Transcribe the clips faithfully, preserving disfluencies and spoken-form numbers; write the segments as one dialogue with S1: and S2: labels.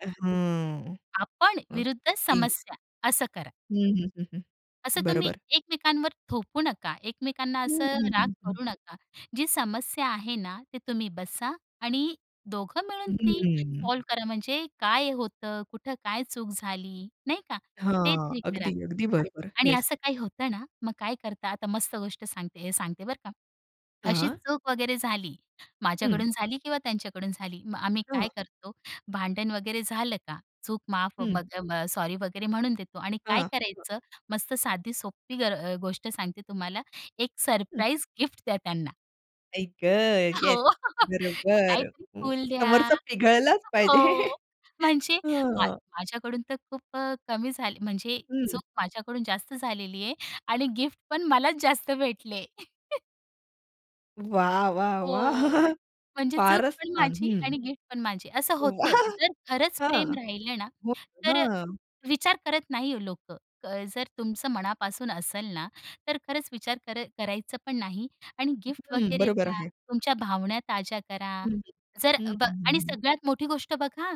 S1: अ, हं.
S2: आपण विरुद्ध
S1: [unintelligible]
S2: समस्या असं करा.
S1: हं, हं, हं, हं,
S2: असं तुम्ही
S1: बरोबर.
S2: एकमेकांवर थोपू नका. एकमेकांना
S1: हं,
S2: असं
S1: हं,
S2: राग
S1: हं, हं.
S2: करू नका. जी समस्या आहे ना, ते तुम्ही बसा आणि दोघं मिळून ती
S1: हं.
S2: सॉल्व्ह करा. म्हणजे काय होतं, कुठं काय चूक झाली. नाही का. ते
S1: हां,
S2: तरी करा.
S1: अगदी, अगदी बरोबर.
S2: आणि
S1: येस.
S2: असं काही होतं ना मग काय करता. आता मस्त गोष्ट सांगते हे सांगते बरं का. अशी
S1: हां.
S2: चूक वगैरे झाली,
S1: हं.
S2: माझ्याकडून झाली किंवा त्यांच्याकडून झाली. मग आम्ही
S1: हां.
S2: काय करतो. भांडण वगैरे झालं का चूक माफ
S1: हं.
S2: [unintelligible] सॉरी वगैरे म्हणून देतो आणि काय
S1: हां. हं.
S2: करायचं मस्त साधी सोपी ग अ, गोष्ट सांगते तुम्हाला एक
S1: हं.
S2: सरप्राईज गिफ्ट द्या त्यांना.
S1: आई ग! येस,
S2: हो,
S1: बरोबर
S2: काहीतरी
S1: अ,
S2: फूल द्या.
S1: समोरचा पिघळलाच पाहिजे.
S2: हो, म्हणजे मा
S1: हां.
S2: माझ्याकडून तर खूप अ, कमी झाले. म्हणजे
S1: हं.
S2: चूक माझ्याकडून जास्त झालेली आहे आणि गिफ्ट पण मलाच जास्त भेटले.
S1: वाह! वाह! वाह!
S2: हो, म्हणजे चूक
S1: फारच
S2: पण
S1: छान.
S2: माझी आणि
S1: हं.
S2: गिफ्ट पण माझी असं
S1: वा!
S2: होतं. जर खरंच प्रेम
S1: हां,
S2: राहिलं ना,
S1: मग
S2: तर अ,
S1: हां.
S2: विचार करत नाही लोकं, जर तुमचं मनापासून असेल ना, तर खरंच विचार कर करायचं पण नाही आणि गिफ्ट
S1: हं,
S2: वगैरे
S1: बरोबर
S2: द्या.
S1: आहे.
S2: तुमच्या भावना ताज्या करा.
S1: हं,
S2: जर अ,
S1: हं,
S2: ब
S1: हं,
S2: आणि
S1: हं.
S2: सगळ्यात मोठी गोष्ट बघा,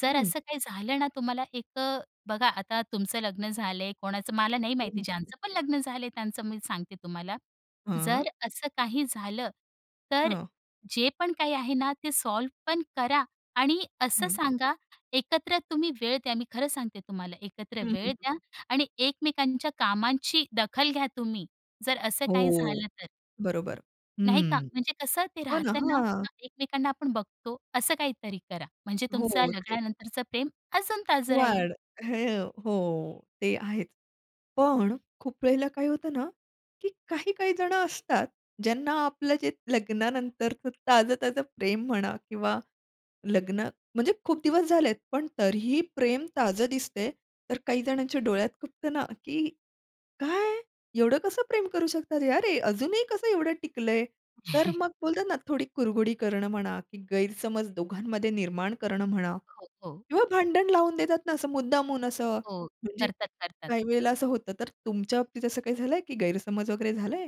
S2: जर
S1: हं.
S2: असं काही झालं ना, तुम्हाला एक अ, बघा आता तुमचं लग्न झालंय कोणाचं मला नाही
S1: हं,
S2: माहिती,
S1: हं. [unintelligible]
S2: ज्यांचं पण लग्न झालंय त्यांचं मी सांगते तुम्हाला.
S1: हां.
S2: जर असं काही झालं, तर
S1: हां.
S2: जे पण काही आहे ना, ते सॉल्व्ह पण करा आणि असं
S1: हं.
S2: सांगा एकत्र तुम्ही वेळ द्या, मी खरं सांगते तुम्हाला. एकत्र
S1: हं, हं.
S2: वेळ द्या आणि एकमेकांच्या कामाची दखल घ्या तुम्ही. जर असं काही
S1: हो,
S2: झालं तर.
S1: बरोबर.
S2: नाही का
S1: हं.
S2: म्हणजे कसं ते
S1: हो ना.
S2: राहतं ना
S1: हां.
S2: एकमेकांना आपण बघतो. असं काहीतरी करा. म्हणजे तुमचं
S1: हो ते
S2: लग्नानंतरच प्रेम अजून ताजं राहील.
S1: [unintelligible] हो ते आहेच. पण खूप वेळेला काय होतं ना, की काही-काही जणं असतात. ज्यांना आपलं जे लग्नानंतरच ताजं-ताजं प्रेम म्हणा किंवा लग्न म्हणजे खूप दिवस झालेत पण तरीही प्रेम ताजं दिसतंय, तर काही जणांच्या डोळ्यात खुपतं ना, की एवढं कसं प्रेम करू शकतात. अरे अजूनही कसं एवढं टिकलंय. तर मग बोलतात ना थोडी कुरघुडी करणं म्हणा, की गैरसमज दोघांमध्ये निर्माण करणं म्हणा
S2: हो, हो.
S1: किंवा भांडण लावून देतात ना असं मुद्दामहून असं.
S2: हो,
S1: म्हणजे
S2: करतात, करतात.
S1: काही वेळेला असं होतं, तर तुमच्या बाबतीत असं काही झालंय की गैरसमज वगैरे झालंय?